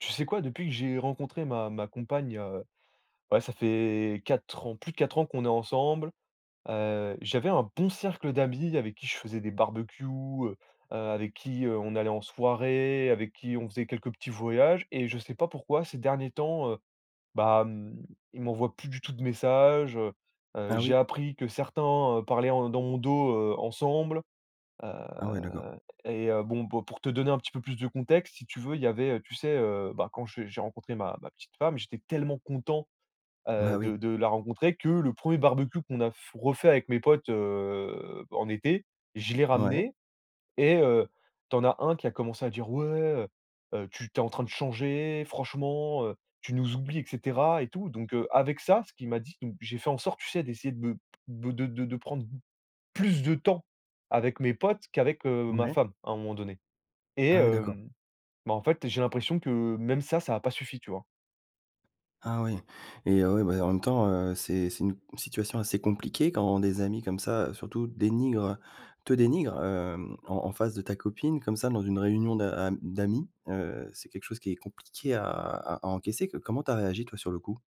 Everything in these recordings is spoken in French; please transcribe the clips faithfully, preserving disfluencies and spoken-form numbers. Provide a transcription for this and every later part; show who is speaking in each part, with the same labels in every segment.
Speaker 1: Tu sais, quoi? Depuis que j'ai rencontré ma ma compagne, heu, ouais, ça fait quatre ans, plus de quatre ans qu'on est ensemble, heu, j'avais un bon cercle d'amis avec qui je faisais des barbecues, heu, heu, avec qui, heu, on allait en soirée, avec qui on faisait quelques petits voyages et je sais pas pourquoi ces derniers temps, heu, bah, hem, ils m'envoient plus du tout de messages, heu, heu,
Speaker 2: Ah
Speaker 1: j'ai
Speaker 2: oui?
Speaker 1: appris que certains, heu, parlaient en dans mon dos, heu, ensemble, heu
Speaker 2: Ah ouais, d'accord.
Speaker 1: et heu, bon, pour te donner un petit peu plus de contexte, si tu veux, il y avait, heu, tu sais, heu, bah quand j'ai j'ai rencontré ma ma petite femme, j'étais tellement content,
Speaker 2: Bah
Speaker 1: heu,
Speaker 2: oui.
Speaker 1: de de la rencontrer que le premier barbecue qu'on a f refait avec mes potes, heu, bah en été. Je l'ai
Speaker 2: Mouais.
Speaker 1: ramené et heu, tu en as un qui a commencé à dire: «Ouais, heu heu, tu t'es en train de changer franchement, heu, tu nous oublies!» et cetera et tout. Donc heu, avec ça, ce qu'il m'a dit donc j'ai fait en sorte, tu sais, d'essayer de be de de de de prendre plus de temps avec mes potes qu'avec, heu, ma
Speaker 2: Ouais.
Speaker 1: femme, à un moment donné et
Speaker 2: Ah oui, d'accord.
Speaker 1: hem, bah en fait, j'ai l'impression que même ça, ça a pas suffi. Tu vois?
Speaker 2: Ah oui. Et heu, ouais, bah, en même temps, heu, c'est c'est une situation assez compliquée quand des amis comme ça, heu, surtout dénigrent, heu, te dénigrent, hem, en en face de ta copine, comme ça, dans une réunion d'a am d'amis, heu, c'est quelque chose qui est compliqué à à à encaisser. Co comment tu as réagi, toi, sur le coup?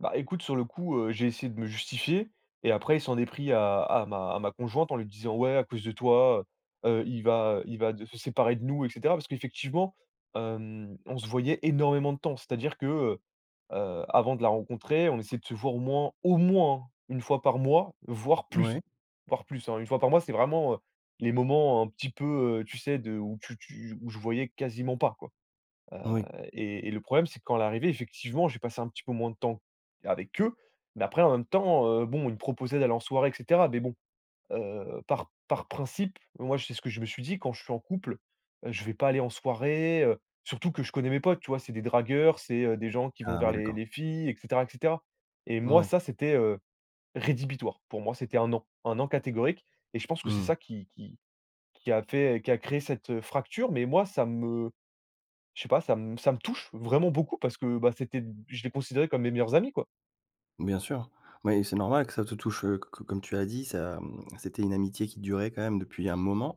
Speaker 1: Bah, écoute, sur le coup, heu, j'ai essayé de me justifier et après, il s'en est pris à à ma à ma conjointe, en lui disant: «Ouais, à cause de toi, heu heu, il va, heu, il va de se séparer de nous», et cetera. Parce qu'effectivement, hem, on se voyait énormément de temps. C'est-à-dire que, heu heu, avant de la rencontrer, on essayait de se voir au moins, au moins hein, une fois par mois, voire
Speaker 2: Ouais.
Speaker 1: plus, voire plus, hein, une fois par mois, c'est vraiment, heu, les moments un petit peu, heu, tu sais, de où tu tu où on se voyait quasiment pas quoi. Heu,
Speaker 2: Oui.
Speaker 1: et et le problème, c'est quand elle est arrivée, effectivement, j'ai passé un petit peu moins de temps avec eux. Mais après, en même temps, heu, bon, ils me proposaient d'aller en soirée, et cetera. Mais bon, heu, par par principe, moi, c'est ce que je me suis dit: «Quand je suis en couple, heu, je vais pas aller en soirée», heu, surtout que je connais mes potes, tu vois? C'est des dragueurs, c'est, heu, des gens qui vont
Speaker 2: Ah
Speaker 1: vers
Speaker 2: ouais,
Speaker 1: les
Speaker 2: d'accord.
Speaker 1: les filles, et cetera, et cetera. Et moi,
Speaker 2: Ouais.
Speaker 1: ça, c'était, heu, rédhibitoire. Pour moi, c'était un non, un non catégorique. Et je pense que c'est
Speaker 2: Mmh.
Speaker 1: ça qui qui qui a fait, qui a créé cette, heu, fracture. Mais moi, ça me je sais pas, ça m ça me touche vraiment beaucoup parce que bah, c'était d je les considérais comme mes meilleurs amis, quoi.
Speaker 2: Bien sûr. Ouais, c'est normal que ça te touche, heu, co comme tu as dit, ça, mmh, c'était une amitié qui durait quand même depuis un moment.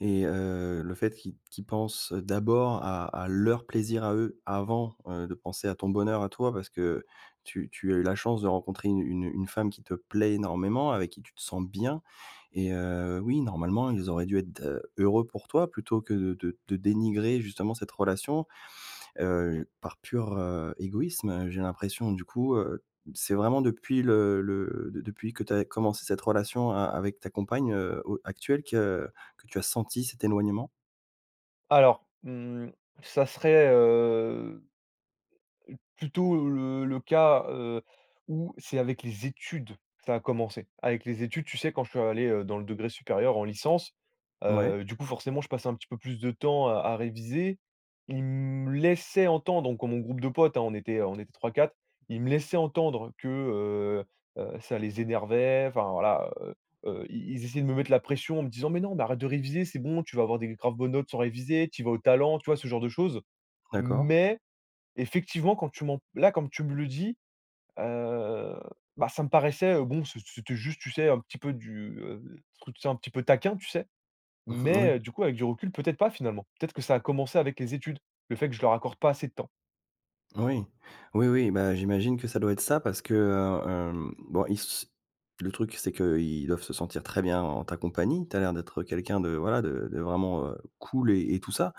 Speaker 2: Et heu, le fait qu'i qu'ils pensent d'abord à à leur plaisir à eux, avant, heu, de penser à ton bonheur à toi parce que tu tu as eu la chance de rencontrer une, heu, une une femme qui te plaît énormément, avec qui tu te sens bien. Et heu, oui, normalement, ils auraient dû être, heu, heureux pour toi plutôt que de de de dénigrer justement cette relation, heu, par pure, heu, égoïsme, j'ai l'impression. Du coup, heu, c'est vraiment depuis le le de depuis que tu as commencé cette relation a avec ta compagne, heu, o actuelle que que tu as senti cet éloignement?
Speaker 1: Alors, mmh, ça serait, heu, p plutôt le le cas, heu, où c'est avec les études que ça a commencé. Avec les études, tu sais, quand je suis allé, heu, dans le degré supérieur en licence,
Speaker 2: Mouais.
Speaker 1: heu, du coup, forcément, je passais un petit peu plus de temps à à réviser. Ils me laissaient entendre, donc mon groupe de potes, hein, on était on était trois-quatre, ils me laissaient entendre que, heu heu, ça les énervait. Enfin, voilà, heu heu, ils ils essayaient de me mettre la pression en me disant: «Mais non, mais arrête de réviser, c'est bon, tu vas avoir des graves bonnes notes sans réviser, tu y vas au talent», tu vois ce genre de choses.
Speaker 2: D'accord.
Speaker 1: Mais, effectivement, quand tu m'en p là, comme tu me le dis, heu, bah, ça me paraissait, heu, bon, c'ét c'était juste, tu sais, un petit peu du, heu, truc, tu sais, un petit peu taquin, tu sais,
Speaker 2: Mmh mh, moui.
Speaker 1: mais, du coup, avec du recul, peut-être pas finalement, peut-être que ça a commencé avec les études, le fait que je leur accorde pas assez de temps.
Speaker 2: Moui. Oui, oui, bah, j'imagine que ça doit être ça, parce que, heu, hem, bon, ils se le truc, c'est qu'ils doivent se sentir très bien en ta compagnie, tu as l'air d'être quelqu'un de, voilà, de de vraiment, heu, cool et et tout ça,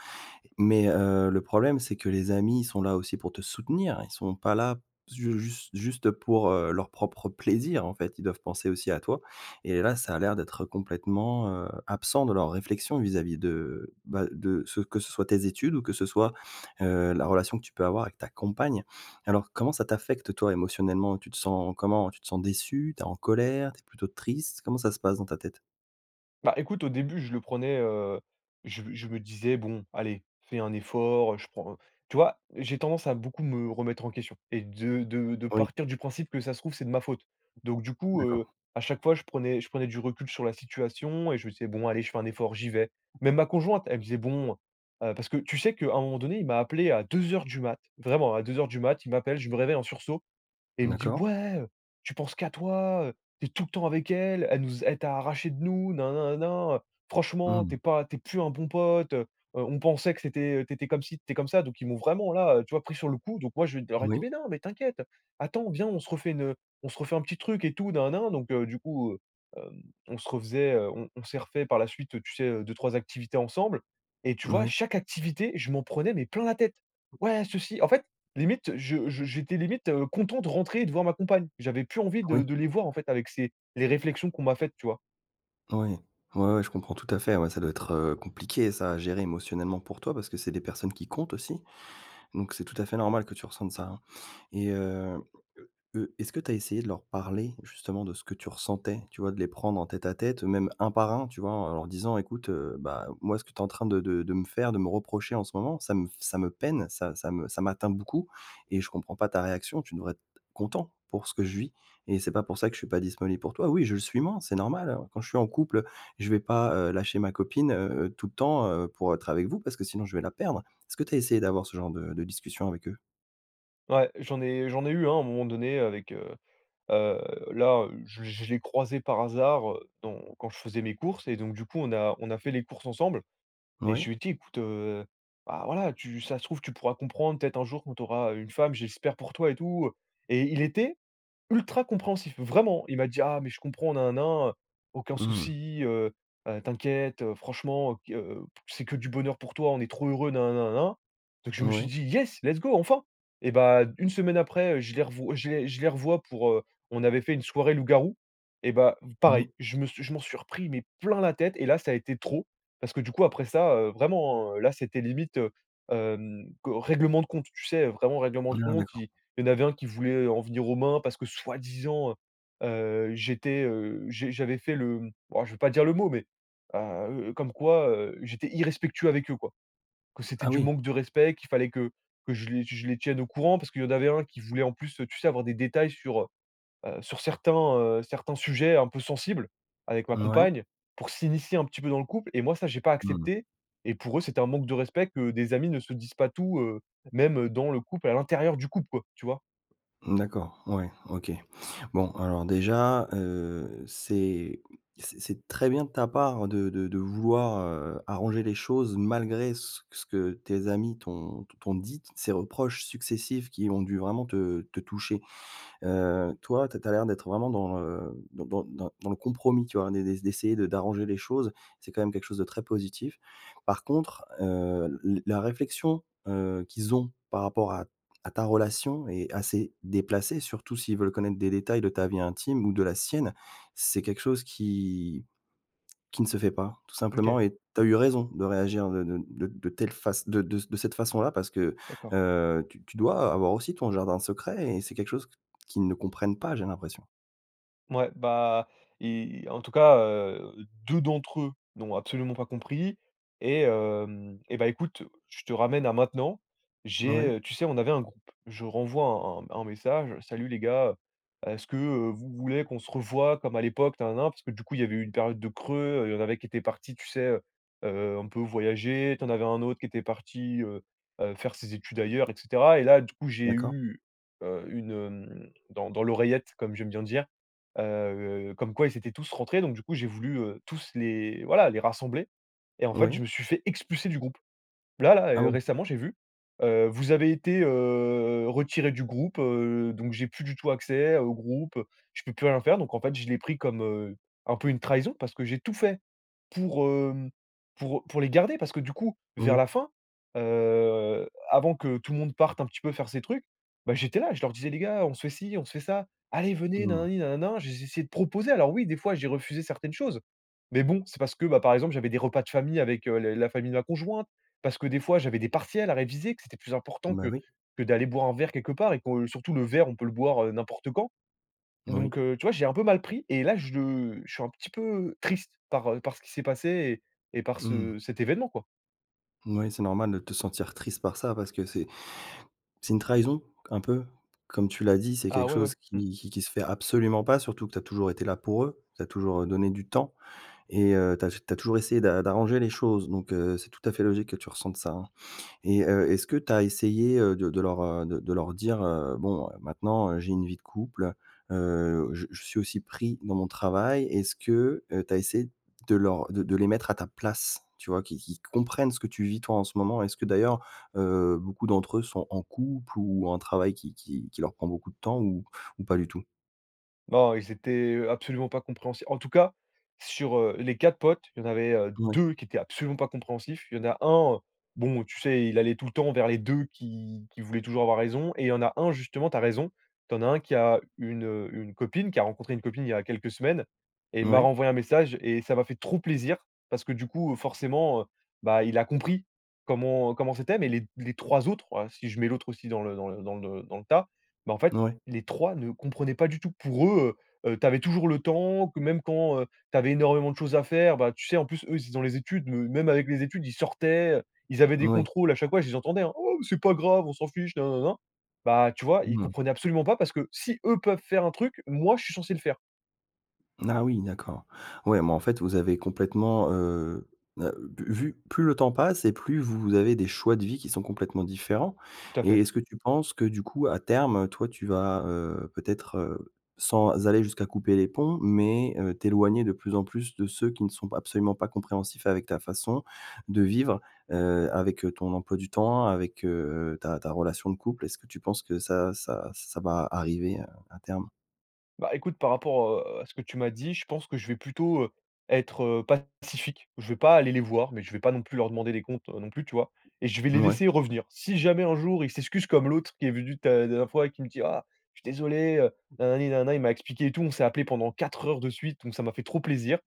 Speaker 2: mais, heu, le problème, c'est que les amis sont là aussi pour te soutenir, ils sont pas là pze juste juste pour, heu, leur propre plaisir, en fait, ils doivent penser aussi à toi et là, ça a l'air d'être complètement, heu, absent de leur réflexion vis-à-vis de, bah, de ce que ce soit tes études ou que ce soit, heu, la relation que tu peux avoir avec ta compagne. Alors, comment ça t'affecte, toi, émotionnellement? Tu te sens comment? Tu te sens déçu, tu es en colère, tu es plutôt triste? Comment ça se passe dans ta tête?
Speaker 1: Bah, écoute, au début, je le prenais, heu, je me je me disais: «Bon, allez, fais un effort», je prends tu vois? J'ai tendance à beaucoup me remettre en question et de de de
Speaker 2: Oui.
Speaker 1: partir du principe que ça se trouve, c'est de ma faute. Donc, du coup,
Speaker 2: D'accord.
Speaker 1: heu, à chaque fois, je prenais je prenais du recul sur la situation et je me disais: «Bon allez, je fais un effort, j'y vais». Même ma conjointe, elle faisait: «Bon», heu, parce que, tu sais qu'à un moment donné, il m'a appelé à deux heures du mat, vraiment à deux heures du mat, il m'appelle, je me réveille en sursaut et il me dit:
Speaker 2: D'accord.
Speaker 1: «Ouais, heu, tu penses qu'à toi, heu, tu es tout le temps avec elle, elle nous elle t'a arraché de nous, nin, nin, nin, nin, nin, franchement tu es
Speaker 2: Mmh.
Speaker 1: pas tu es plus un bon pote, heu-heu, on pensait que c'était, heu, tu étais comme ci, tu étais comme ça». Donc, ils m'ont vraiment, là, tu vois, pris sur le coup. Donc, moi, je d je leur ai dit:
Speaker 2: Oui.
Speaker 1: «Mais, non, mais t'inquiète, attends, viens, on se refait une, heu, on se refait un petit truc et tout nin, nin, nin», donc, heu, du coup, heu, hem, on se refaisait, heu, on on s'est refait par la suite, tu sais, heu, deux-trois activités ensemble et tu vois,
Speaker 2: Moui.
Speaker 1: chaque activité, je m'en prenais, mais, plein la tête. «Ouais, ceci» en fait limite, je je j'étais limite, heu, content de rentrer et de voir ma compagne. J'avais plus envie de
Speaker 2: Oui.
Speaker 1: de les voir, en fait, avec ces les réflexions qu'on m'a faites, tu vois?
Speaker 2: Oui, ouais, ouais je comprends tout à fait, ouais, ça doit être, heu, compliqué, ça à gérer émotionnellement pour toi parce c'est des personnes qui comptent aussi. Donc c'est tout à fait normal que tu ressentes ça, hein et heu, eux, est-ce que tu as essayé de leur parler justement de ce que tu ressentais? Tu vois? De les prendre en tête à tête, même un par un tu vois? En leur disant: «Écoute, heu, bah moi ce que tu es en train de de de me faire, de me reprocher en ce moment, ça me s f ça me peine, ça ça me ça m'atteint beaucoup et je comprends pas ta réaction, tu devrais être c content pour ce que je vis et c'est pas pour ça que je suis pas disponible pour toi. Oui, je le suis moins, c'est normal, hein. Quand je suis en couple, heu, je vais pas, heu, lâcher ma copine, heu, tout le temps, heu, pour être avec vous parce que sinon je vais la perdre». Est-ce que tu as essayé d'avoir ce genre de de discussion avec eux?
Speaker 1: Ouais, j'en ai j'en ai eu un à un moment donné, heu, avec heu heu là, je je l'ai croisé par hasard, heu, dans quand je faisais mes courses et donc du coup, on a on a fait les courses ensemble et je
Speaker 2: Ouais.
Speaker 1: lui ai dit: «Écoute, heu, bah voilà, tu si ça se trouve, tu pourras comprendre, peut-être un jour quand tu auras u une femme, j'espère pour toi et tout heu» et il était ultra compréhensif. Vraiment, il m'a dit: «Ah, mais je comprends, nin nin nin, aucun
Speaker 2: Mmh.
Speaker 1: souci heu, heu, t'inquiète, heu, franchement, heu, qu heu, c'est que du bonheur pour toi, on est trop heureux, nin nin nin nin nin». Donc je me suis
Speaker 2: Mouais.
Speaker 1: dit: «Yes, let's go, enfin!» et bah une semaine après, heu, je les rev je les je les revois pour, heu, on avait fait une soirée loup-garou et bah, pareil,
Speaker 2: Oui.
Speaker 1: je me suis je m'en suis repris, mais plein la tête et là ça a été trop parce que du coup, après ça heu, vraiment, heu là, c'était limite, heu, hem, co règlement de compte. Tu sais? Vraiment règlement
Speaker 2: Ah
Speaker 1: de compte,
Speaker 2: d'accord.
Speaker 1: il il y en avait un qui voulait en venir aux mains parce que soi-disant, heu heu j'étais, heu, j'ai j'avais fait le oh je vais pas dire le mot mais, heu heu, comme quoi, heu, j'étais irrespectueux avec eux quoi. Que c'était
Speaker 2: Ah
Speaker 1: du
Speaker 2: oui!
Speaker 1: manque de respect, qu'il fallait que que je les que je les tienne au courant parce qu'il y en avait un qui voulait en plus heu, tu sais? Avoir des détails sur, heu heu, sur certains, heu, certains sujets un peu sensibles avec ma
Speaker 2: Mouais.
Speaker 1: compagne pour s'initier un petit peu dans le couple et moi, ça, j'ai pas
Speaker 2: Non non.
Speaker 1: accepté et pour eux, c'était un manque de respect que des amis ne se disent pas tout heu, même, heu, dans le couple, à l'intérieur du couple quoi, tu vois.
Speaker 2: Mmh, d'accord ouais. OK. Bon alors déjà, heu, c'est c'est c'est très bien de ta part de de de vouloir, heu, arranger les choses malgré ce ce que tes amis t'ont t t'ont dit, ces reproches successifs qui ont dû vraiment te te toucher, heu, toi, tu as tu as l'air d'être vraiment dans, heu, dans dans dans dans le compromis tu vois? D'é d'é d'essayer de d'arranger les choses, c'est quand même quelque chose de très positif. Par contre heu, l la réflexion, heu, qu'ils ont par rapport à à ta relation est assez déplacée, surtout s'ils veulent connaître des détails de ta vie intime ou de la sienne, c'est quelque chose qui qui ne se fait pas tout
Speaker 1: Mmh, OK.
Speaker 2: simplement et tu as eu raison de réagir de de de de telle face de de ce de cette façon-là parce que,
Speaker 1: D'accord.
Speaker 2: heu, tu tu dois avoir aussi ton jardin secret et c'est quelque chose qu qu'ils ne comprennent pas, j'ai l'impression.
Speaker 1: Ouais, bah, et, en tout cas, heu, deux d'entre eux n'ont absolument pas compris et hem, et bah écoute, je te ramène à maintenant. J'ai,
Speaker 2: Moui.
Speaker 1: heu tu sais, on avait un groupe. Je renvoie un un un message: «Salut les gars. Est-ce que, heu, vous voulez qu'on se revoie comme à l'époque, na na na?», parce que du coup, il y avait eu une période de creux, il y en avait qui étaient partis, tu sais heu, heu, un peu voyager, tu en avais un autre qui était parti, heu, heu, faire ses études ailleurs, et cetera. Et là, du coup, j'ai
Speaker 2: D'accord.
Speaker 1: eu, heu, une hem dans dans l'oreillette comme j'aime bien dire, heu, comme quoi, ils étaient tous rentrés. Donc du coup, j'ai voulu heu, tous les voilà, les rassembler. Et en fait,
Speaker 2: Oui.
Speaker 1: je me suis fait expulser du groupe. Là là
Speaker 2: Ah
Speaker 1: heu,
Speaker 2: bon!
Speaker 1: récemment, j'ai vu, heu, vous avez été, heu, retiré du groupe, heu, donc j'ai plus du tout accès au groupe, heu, je peux plus rien faire. Donc en fait je l'ai pris comme, heu, un peu une trahison parce que j'ai tout fait pour hem pour heu pour les garder. Parce que du coup, vers
Speaker 2: Oui.
Speaker 1: la fin, heu, avant que tout le monde parte un petit peu faire ses trucs, bah j'étais là. Je leur disais: «Les gars, on se fait ci, on se fait ça. Allez, venez, na na
Speaker 2: Mmh.
Speaker 1: ni na na na.», j'ai j'ai essayé de proposer. Alors oui, des fois, j'ai refusé certaines choses. Mais bon, c'est parce que, bah par exemple, j'avais des repas de famille avec, heu, le la famille de ma conjointe. Parce que des fois, j'avais des partiels à réviser, que c'était plus important
Speaker 2: Bah
Speaker 1: que
Speaker 2: oui.
Speaker 1: que d'aller boire un verre quelque part et que surtout le verre, on peut le boire, heu, n'importe quand.
Speaker 2: Moui.
Speaker 1: Donc heu, tu vois, je l'ai un peu mal pris et là, je je suis un petit peu, heu, triste par heu, par ce qui s'est passé et et par
Speaker 2: Mmh.
Speaker 1: ce cet événement, quoi.
Speaker 2: Moui, c'est normal de te sentir triste par ça, parce que c'est c'est une trahison, un peu. Comme tu l'as dit, c'est
Speaker 1: Ah,
Speaker 2: quelque
Speaker 1: ouais, ouais.
Speaker 2: chose
Speaker 1: Mmh.
Speaker 2: qui qui qui se fait absolument pas, surtout que tu as toujours été là pour eux, tu as toujours, heu, donné du temps et heu, tu as j tu as toujours essayé d'a d'arranger les choses. Donc, heu, c'est tout à fait logique que tu ressentes ça, hein et heu, est-ce que tu as essayé, heu, de de leur, heu, de de leur dire: «Heu, bon, heu, maintenant, heu, j'ai une vie de couple, heu, je je suis aussi pris dans mon travail», est-ce que, heu, tu as essayé de leur de de les mettre à ta place? Tu vois? Qu'ils qu'ils comprennent ce que tu vis, toi, en ce moment. Est-ce que d'ailleurs, heu, beaucoup d'entre eux sont en couple ou ont un travail qui qui qui leur prend beaucoup de temps ou ou pas du tout?
Speaker 1: Oh, ils étaient, heu, absolument pas compréhens en tout cas, sur, heu, les quatre potes, il y en avait, heu,
Speaker 2: Ouais.
Speaker 1: deux qui étaient absolument pas compréhensifs. Il y en a un, bon, tu sais, il allait tout le temps vers les deux qui qui voulaient toujours avoir raison et il y en a un justement, tu as raison, tu en as un qui a une, heu, une copine, qui a rencontré une copine, il y a quelques semaines et il m'a
Speaker 2: Ouais.
Speaker 1: renvoyé un message et ça m'a fait trop plaisir, parce que, du coup, forcément, heu, bah, il a compris, comment comment c'était, mais les les trois autres, ouais, si je mets l'autre aussi dans le dans le dans le dans le tas, ben, en fait
Speaker 2: Ouais.
Speaker 1: les trois ne comprenaient pas du tout. Pour eux, heu, tu avais toujours le temps, que même quand heu, tu avais énormément de choses à faire, bah, tu sais, en plus, eux, ils étaient dans les études, me même avec les études, ils sortaient, ils avaient des
Speaker 2: Oui.
Speaker 1: contrôles, à chaque fois, je les entendais, hein: «Oh, mais c'est pas grave, on s'en fiche nin nin nin nin». Bah, tu vois, ils
Speaker 2: Mmh.
Speaker 1: comprenaient absolument pas, parce que si eux peuvent faire un truc, moi je suis censé le faire.
Speaker 2: Ah, oui, d'accord. Ouais, mais, en fait, vous avez complètement, heu heu, bu vu plus le temps passe et plus vous avez des choix de vie qui sont complètement différents
Speaker 1: Tout à
Speaker 2: et
Speaker 1: fait.
Speaker 2: est-ce que tu penses que, du coup, à terme, toi, tu vas, heu, peut-être, heu, sans aller jusqu'à couper les ponts, mais, heu, t'éloigner de plus en plus de ceux qui ne sont p absolument pas compréhensifs avec ta façon de vivre, heu, avec ton emploi du temps, avec, heu, ta ta relation de couple, est-ce que tu penses que ça ça ç ça va arriver, heu, à terme?
Speaker 1: Bah, écoute, par rapport, heu, à ce que tu m'as dit, je pense que je vais plutôt, heu, être, heu, pacifique. Je vais pas aller les voir, mais je vais pas non plus leur demander des comptes, non plus, tu vois? Et je vais les
Speaker 2: Ouais.
Speaker 1: laisser revenir. Si jamais un jour, ils s'excusent comme l'autre qui est venu ta la dernière fois et qui me dit: «Ah, je suis désolé, heu, nanani nanana», il m'a expliqué et tout. On s'est appelé pendant quatre heures de suite, donc ça m'a fait trop plaisir.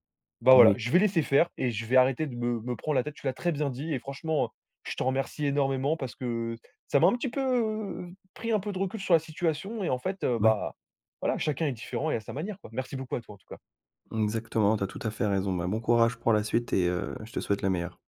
Speaker 1: Bah voilà,
Speaker 2: Oui.
Speaker 1: je vais laisser faire et je vais arrêter de me me prendre la tête. Tu l'as très bien dit et franchement, je te remercie énormément parce que ça m'a un petit peu f pris un peu de recul sur la situation et en fait, heu,
Speaker 2: Oui.
Speaker 1: bah, voilà, chacun est différent et à sa manière quoi. Merci beaucoup à toi en tout cas.
Speaker 2: Exactement, tu as tout à fait raison, ben, bon courage pour la suite et, heu, je te souhaite le meilleur.